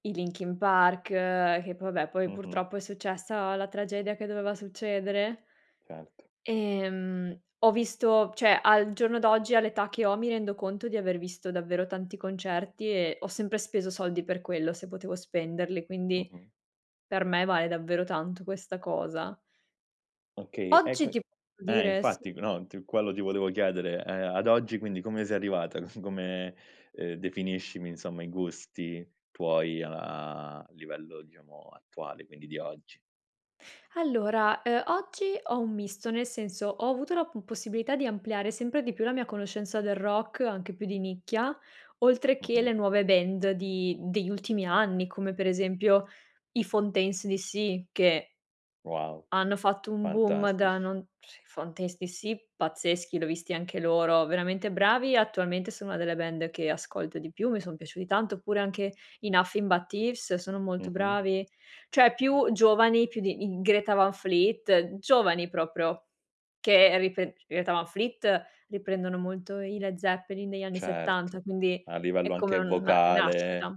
E i Linkin Park, che poi vabbè, poi Mh-mh. purtroppo è successa la tragedia che doveva succedere. Certo. Ehm, ho visto cioè, al giorno d'oggi, all'età che ho, mi rendo conto di aver visto davvero tanti concerti e ho sempre speso soldi per quello, se potevo spenderli; quindi Mh-mh. per me vale davvero tanto questa cosa. Okay, e Oggi quin ti eh, dire: sì. infatti, no, t quello ti volevo chiedere. Ehm, ad oggi, quindi, come sei arrivata? C come ehm, definiscimi, insomma, i gusti tuoi a livello, diciamo, attuale, quindi di oggi. Allora, ehm, oggi ho un misto, nel senso ho avuto la p possibilità di ampliare sempre di più la mia conoscenza del rock, anche più di nicchia, oltre che le Mh-mh. nuove band di degli ultimi anni, come per esempio i Fontaines D.C., che Wow, hanno fatto un boom da fantastici. non sì, Fontaines D.C. pazzeschi, l'ho visti anche loro, veramente bravi. Attualmente sono una delle band che ascolto di più, mi son piaciuti tanto, oppure anche i Nothing But Thieves sono molto Mh-mh. bravi; cioè più giovani, più di i Greta Van Fleet, giovani proprio che ripre i Greta Van Fleet riprendono molto i Led Zeppelin negli anni '70, Certo, quindi a è livello come anche una vocale rinascita.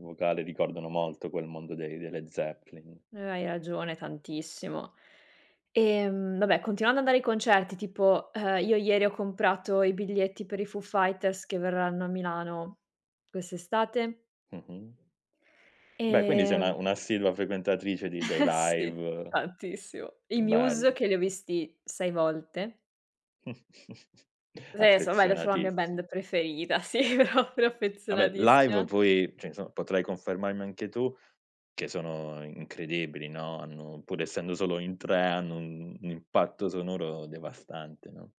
vocale ricordano molto quel mondo dei dei Led Zeppelin. Eh, hai ragione tantissimo. Ehm, vabbè, continuando ad andare ai concerti, tipo, ehm, io ieri ho comprato i biglietti per i Foo Fighters, che verranno a Milano quest'estate Mh-mh. Beh quindi sei ehm una un'assidua frequentatrice di dei sì, live. tantissimo. I Muse Bello. che li ho visti 6 volte. [unintelligible] sono la mia Affezionatissi band preferita, sì, proprio Vabbè, live, affezionatissima. poi, cioè, insomma, potrai confermarmi anche tu che sono incredibili, no. Hanno pur essendo solo in 3, hanno un un un impatto sonoro devastante, no?